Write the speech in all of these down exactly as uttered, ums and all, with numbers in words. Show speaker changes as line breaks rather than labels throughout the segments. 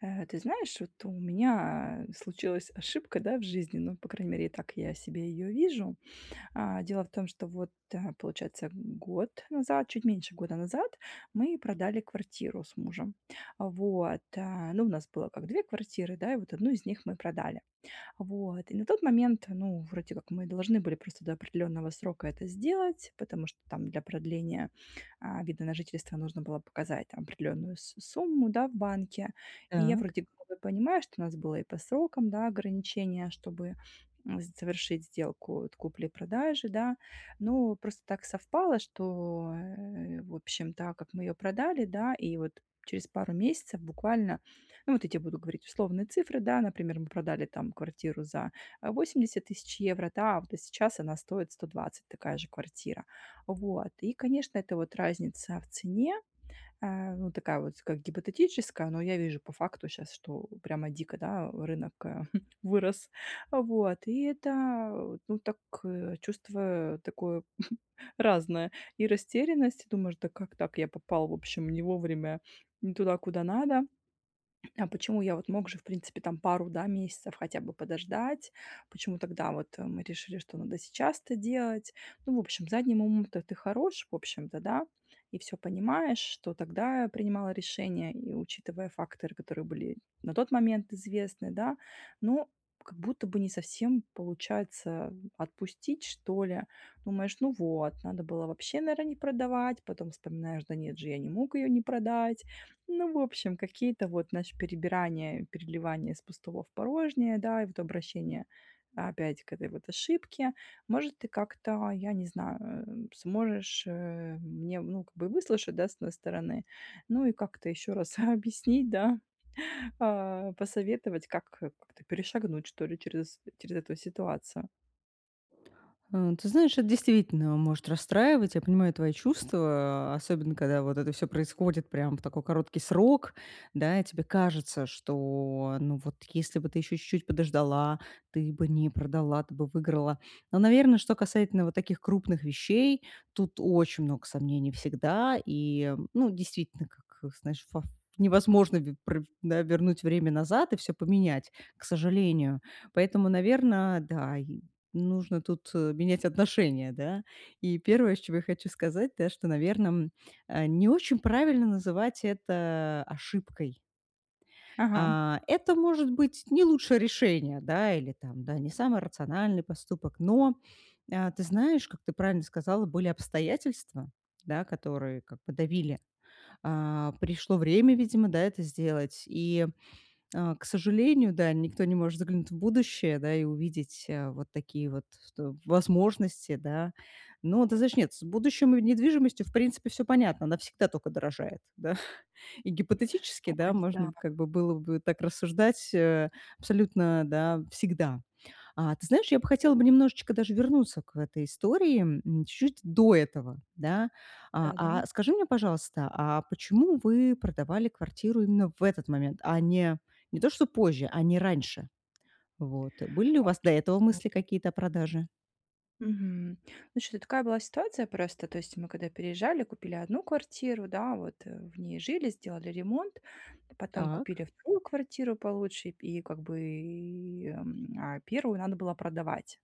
Э, ты знаешь, вот у меня, э, случилась ошибка, да, в жизни. Ну, по крайней мере, так я себе ее вижу. А, дело в том, что вот, э, получается, год назад, чуть меньше года назад, мы продали квартиру с мужем. Вот, а. Ну, у нас было как две квартиры, да, и вот одну из них мы продали, вот. И на тот момент, ну, вроде как мы должны были просто до определенного срока это сделать. Потому что там для продления, а, вида на жительство нужно было показать там определенную с сумму, да, в банке. И я
Так.
вроде как бы понимаю, что у нас было и по срокам, да, ограничение, чтобы, м, завершить сделку вот купли-продажи, да. Ну, просто так совпало, что, э, в общем, да, как мы ее продали, да. И вот через пару месяцев буквально, ну, вот я те буду говорить условные цифры, да, например, мы продали там квартиру за восемьдесят тысяч евро, да, а вот а сейчас она стоит сто двадцать такая же квартира, вот. И, конечно, эта вот разница в цене, а, ну, такая вот, как гипотетическая, но я вижу по факту щас, что прямо дико, да, рынок, э, вырос, вот. И это, ну, так, э, чувствую такое разное. И растерянность, думаешь: да как так, я попал, в общем, не вовремя н туда, куда надо? А почему, я вот мог же, в принципе, там пару да, месяцев хотя бы подождать? Почему тогда вот мы решили, что надо сейчас это делать? Ну, в общем, задним умом-то ты хорош, в общем-то, да, и всё понимаешь, что тогда принимала решения, и учитывая факторы, которые были на тот момент известны, да. Ну, как будто бы не совсем получается отпустить, что-ли. Думаешь: ну вот, надо было вообще, наверно, не продавать. Потом вспоминаешь: да нет же, я не мог ее не продать. Ну, в общем, какие-то вот, знаешь, перебирания, переливания с пустого в порожнее, да, и вот обращение опять к этой вот ошибке. Может, ты как-то, я не знаю, э, сможешь, э, мне, ну, как бы и выслушать, да, с одной стороны, ну, и как-то еще раз объяснить, да, а, посоветовать, как как-то перешагнуть, что-ли, через через эту ситуацию.
Э, ты знаешь, эт действительно может расстраивать. Я понимаю твои чувства, особенно когда вот это всё происходит прям в такой короткий срок. Да, и тебе кажется, что, ну, вот, если бы ты еще чуть-чуть подождала, ты бы не продала, ты бы выиграла. Но, наверно, что касательно вот таких крупных вещей, тут очень много сомнений всегда. И ну действительно, как, знаешь, вов невозможно ве про да, вернуть время назад и всё поменять, к сожалению. Поэтому, наверно, да, и, нужно тут менять отношение, да. И первое, с чего я хочу сказать да, что, наверно, м, а не очень правильно называть это ошибкой.
Ага.
А, это может быть не лучшее решение, да, или там, да, не самый рациональный поступок, но, э, ты знаешь, как ты правильно сказала, были обстоятельства, да, которые как бы давили. А, пришло время, видимо, да, это сделать. И, э, к сожалению, да, никто не может заглянуть в будущее, да, и увидеть, э, вот такие вот то возможности, да. Но, ты знаешь, нет, с будущем и недвижимостью, в принципе, всё понятно, она всегда только дорожает, да, и гипотетически, да,
Ой, да.
можно, как бы, было бы так рассуждать, э, абсолютно, да, всегда. А ты знаешь, я бы хотела бы немножечко даже вернуться к этой истории, м, чу чуть до этого да. А,
Да-да.
а, скажи мне, пожалуйста, а почему вы продавали квартиру именно в этот момент, а, не не то, что позже, а не раньше? Вот. Были ли у
А
вас до этого
вот
мысли
Мгм.
какие-то о продаже?
Мгм. Ну, щ такая была ситуация просто, то есть мы когда переезжали, купили одну квартиру, да вот, э, в ней жили, сделали ремонт, потом
Так.
купили вторую квартиру получше, и как бы, м, а, первую надо было продавать.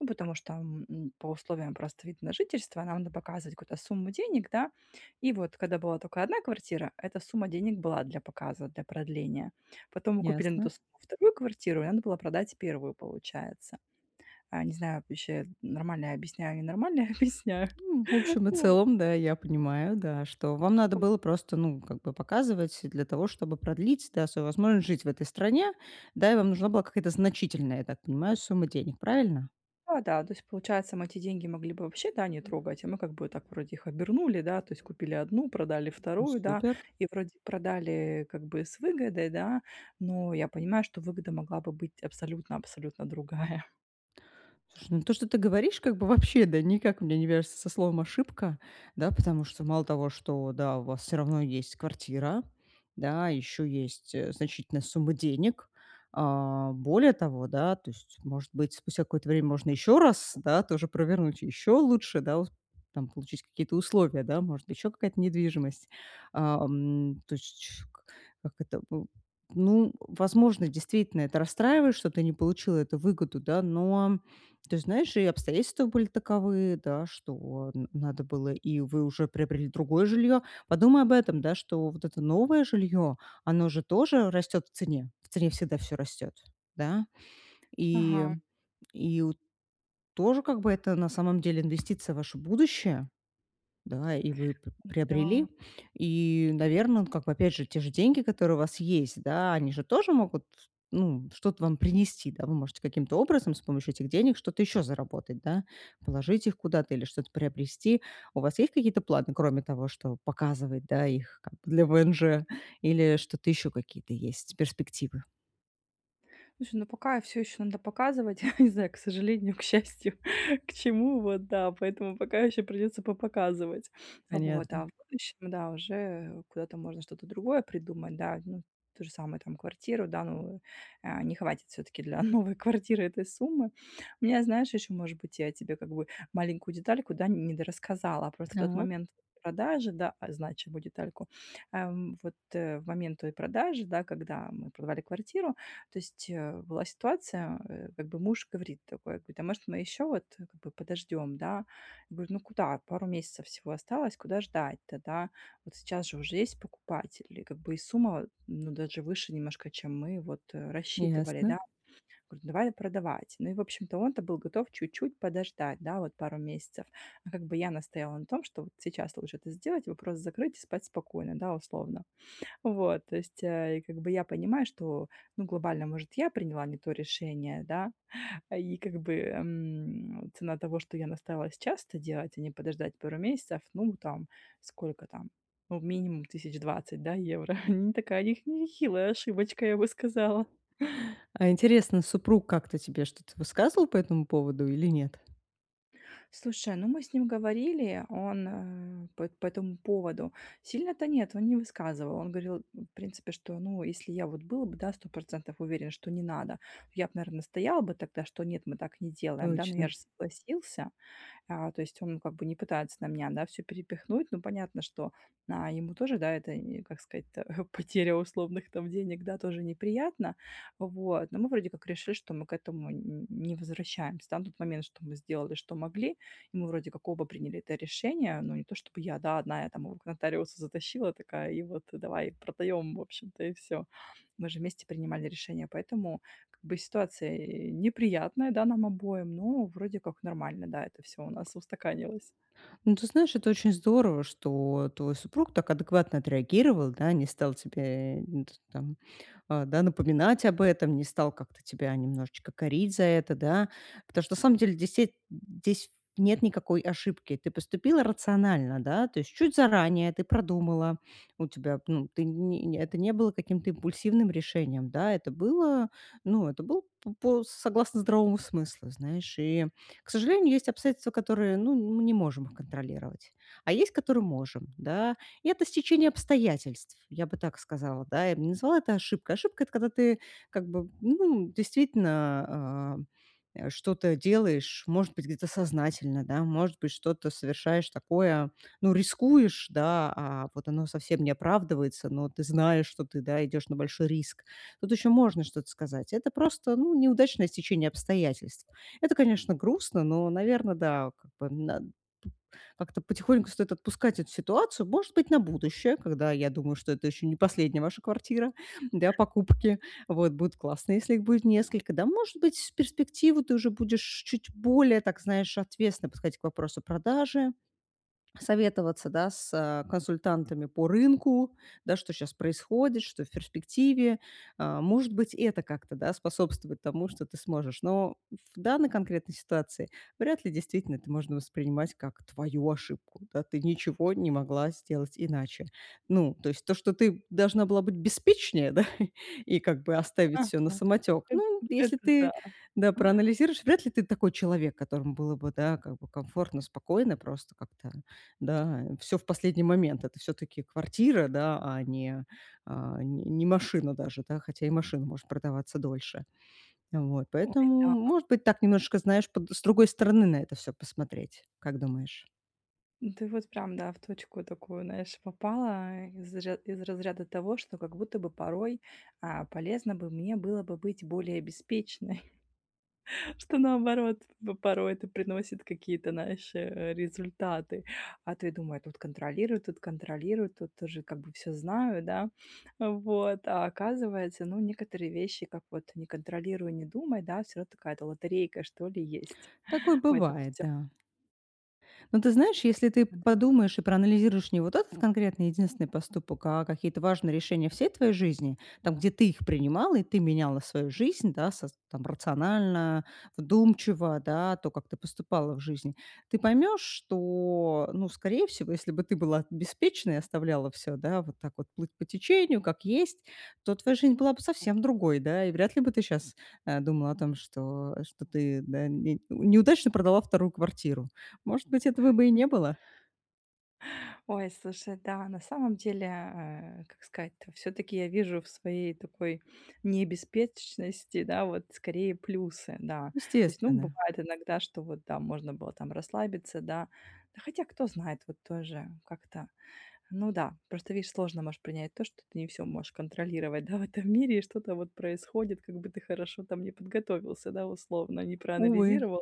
Ну, потому что, м, по условиям просто вида на жительство нам надо показывать какую-то сумму денег, да. И вот когда была тока одна квартира, эта сумма денег была для показа, для продления. Потом мы купили на ту
Ясно.
сумму вторую квартиру, и надо было продать первую, получается. Э, не знаю, ваще нормально я объясняю и не нормально я объясняю.
Ну, в общем и
Вот.
целом, да, я понимаю, да, что вам надо было просто ну как бы показывать для того, чтобы продлить, да, свою возможность жить в этой стране. Да, и вам нужна была какая-то значительная, я так понимаю, сумма денег. Правильно?
Да-да, то есть, получается, мы эти деньги могли бы вообще, да, не трогать, а мы как бы так вроде их обернули, да? То есть, купили одну, продали
Ну,
вторую, да?
супер.
И вроде продали как бы, с выгодой, да? Но я понимаю, что выгода могла бы быть абсолютно абсолютно другая.
Слушай, ну, то, что ты говоришь, как бы вообще, да, никак у меня не вяжется со словом "ошибка". Да. Потому что мало того, что, да, у вас всё равно есть квартира. Да. Еще есть, э, значительная сумма денег. А, более того, да, то есть, может быть, спустя какое-то время можно еще раз, да, то же провернуть, еще лучше, да, ус там получить какие-то условия, да, может, еще какая-то недвижимость. А, ам. То есть чш как это бу Ну, возможно, действительно это расстраивает, что ты не получила эту выгоду, да. Но. Ты знаешь, и обстоятельства были таковы, да, что н надо было И вы уже приобрели другое жилье. Подумай об этом, да, что вот это новое жилье, оно же тоже растет в цене. В цене всегда всё растёт. Да. И,
Ага.
и у тоже как бы это на самом деле инвестиция в ваше будущее. Да, и вы п
Н-да.
приобрели. И, наверно, ну, как бы опять же те же деньги, которые у вас есть, да, они же тоже могут, ну, что-то вам принести, да. Вы можете каким-то образом с помощью этих денег что-то ещё заработать, да. Положить их куда-то или что-то приобрести. У вас есть какие-то планы, кроме того, чтобы показывать, да, их как бы для ВНЖ, или что-то еще какие-то есть перспективы?
Слушай, ну, пока всё ещё надо показывать, я не знаю, к сожалению, к счастью, к чему вот, да. Поэтому пока еще придется попоказывать. Вот. А
Понятно.
в будущем, да, уже куда-то можно что-то другое придумать, да. Ну, то же самое там, квартиру, да, ну, а, не хватит всё-таки для новой квартиры этой суммы. У меня, знаешь, ещё, может быть, я тебе как бы маленькую детальку, да, н не дорассказала. А просто в тот
Так.
момент продажи, да а, значимую детальку. Ам. Вот, э, в момент той продажи, да, когда мы продавали квартиру, то есть, э, была ситуация, э, как бы муж говорит такой, а, говорит: "А может, мы еще вот, как бы, подождем, да?" Я говорю: "Ну куда? Пару месяцев всего осталось, куда ждать-то, да? Вот сейчас же уже есть покупатель, и как бы и сумма, ну, даже выше немножко, чем мы вот, э, рассчитывали,
Ясно.
да". Говорю: "Давай продавать". Ну и в общем-то он-то был готов чуть-чуть подождать, да, вот пару месяцев. А как бы я настояла на том, что вот сейчас лучше это сделать, вопрос закрыть и спать спокойно, да, условно. Вот. То есть, э, и как бы я понимаю, что, ну, глобально, может, я приняла не то решение, да. А и как бы, эм, цена того, что я настояла сейчас это делать, а не подождать пару месяцев, ну, там сколько там, ну, минимум тысяч двадцать, да, евро. Ни такая и х не нехилая ошибочка, я бы сказала.
А интересно, супруг как-то тебе что-то высказывал по этому поводу или нет?
Слушай, ну, мы с ним говорили, он, э, п по этому поводу. Сильно-то нет, он не высказывал. Он говорил, ну, в принципе, что: "Ну, если я вот был бы, да, сто процентов уверен, что не надо, я б, наверно, настоял бы тогда, что нет, мы так не делаем, да. Но я
Точно.
же согласился". А, то есть он как бы не пытается на меня, да, всё перепихнуть. Ну, понятно, что, а, ему тоже, да, это н как сказать-то, потеря условных там денег, да, тоже неприятно. Вот. Но мы, вроде как, решили, что мы к этому н н не возвращаемся, да. На тот момент, что мы сделали, что могли. И мы вроде как оба приняли это решение, но не то чтобы я, да, одна я там его к нотариусу затащила такая и вот, э: давай, продаем, в общем-то и всё. Мы же вместе принимали решение, поэтому как бы ситуация, э, неприятная, да, нам обоим, но, вроде как, нормально, да, это всё у нас устаканилось.
Ну, ты знаешь, это очень здорово, что твой супруг так адекватно отреагировал, да. Не стал тебе н тут там, а, да, напоминать об этом, не стал как-то тебя немножечко корить за это, да. птошто на самом деле десь еть э, здесь нет никакой ошибки. Ты поступила рационально, да, то есть чуть заранее ты продумала. У тебя, ну, ты не не это не было каким-то импульсивным решением, да. Это было ну, это был п по согласно здоровому смыслу. Знаешь, и, к сожалению, есть обстоятельства, которые, ну, мы не можем их контролировать. А есть, которые можем. Да. И это стечение обстоятельств, я бы так сказала, да. Я б не назвала это ошибкой. Ошибка- это когда ты, как бы, ну, действительно, а, э, что-то делаешь, может быть, где-то сознательно, да. Может быть, что-то совершаешь такое, ну, рискуешь, да, а вот оно совсем не оправдывается, но ты знаешь, что ты, да, идешь на большой риск. Тут еще можно что-то сказать. Это просто, ну, неудачное стечение обстоятельств. Это, конечно, грустно, но, наверно, да, как бы, н на как-то потихоньку стоит отпускать эту ситуацию. Может быть, на будущее, когда я думаю, что это еще не последняя ваша квартира для покупки. Вот. Будет классно, если их будет несколько. Да, может быть, в перспективу ты уже будешь чуть более так, знаешь, ответственно подходить к вопросу продажи. Советоваться, да, с консультантами по рынку. Да, что щас происходит, что в перспективе. А, может быть, это как-то, да, способствовать тому, что ты сможешь. Но в данной конкретной ситуации вряд ли действительно это можно воспринимать, как твою ошибку, да. Ты ничего не могла сделать иначе. Ну, то есть то, что ты должна была быть беспечнее, да, и как бы оставить всё на
Мгм.
самотек.
Это,
Ну, если
это
ты,
да.
да, проанализируешь, вряд ли ты такой человек, которому было бы, да, как бы комфортно, спокойно, просто как-то, да, э, всё в последний момент. Это всё-таки квартира, да, а не, а, не не машина даже, да. Хотя и машина может продаваться дольше. Вот.
Ой,
Поэтому,
да.
м может быть, так немножечко, знаешь, под с другой стороны на это всё посмотреть. Как думаешь?
Ну ты, вот прям, да, в точку такую, знаешь, попала из ра из разряда того, что как будто бы порой, а, полезно бы мне было бы быть более беспечной. Что наоборот в порой это приносит какие-то, знаешь, э, результаты. А, ты думай: "Тут контролируй, тут контролируй, тут тоже как бы всё знаю, да?" Вот. А оказывается, ну, некоторые вещи, как вот не контролируй, не думай, да, всё равно такая-то лотерейка что ли есть.
Такое
Ой, там
бывает,
всё.
да. Но ты знаешь, если ты
Ну да.
подумаешь и проанализируешь не вот этот конкретный единственный поступок, а какие-то важные решения всей твоей жизни, там, где ты их принимала и ты меняла свою жизнь, да, саз там, рационально, вдумчиво, да, то, как ты поступала в жизни. Ты поймешь, что, ну, скорее всего, если бы ты была беспечной, и оставляла всё, да, вот так вот плыть по течению, как есть. То твоя жизнь была бы совсем другой, да? И вряд ли бы ты сейчас, э, думала о том, что что ты, да, не неудачно продала вторую квартиру. Может быть, этого бы и не было.
Ой, слушай, да, на самом деле, э, как сказать-то, всё-таки я вижу в своей такой не беспечности, да, вот скорее плюсы, да. То есть, ну,
Естественно.
бывает иногда, что вот, да, можно было там расслабиться, да. Да, хотя кто знает, вот тоже как-то. Ну да. Просто видишь сложно можешь принять то, что ты не всё можешь контролировать, да, в этом мире и что-то вот происходит, как бы ты хорошо там не подготовился, да, условно, не
Увы.
проанализировал.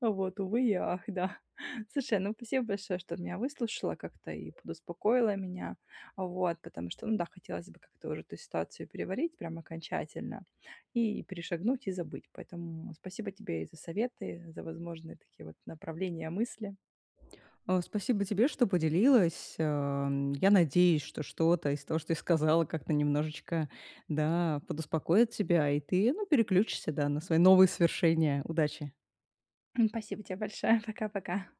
Вот увы и ах, да. Слушай, ну спасибо большое, что меня выслушала как-то и подуспокоила меня, вот, потому что ну да, хотелось бы как-то уже эту ситуацию переварить прям окончательно и перешагнуть и забыть. Поэтому, спасибо тебе и за советы, за возможные, такие вот, направления мысли.
А, спасибо тебе, что поделилась. Эм, я надеюсь, что что-то из того, что ты сказала, как-то немножечко, да, подуспокоит тебя, и ты, ну, переключишься, да, на свои новые свершения. Удачи!
Спасибо тебе большое! Пока-пока!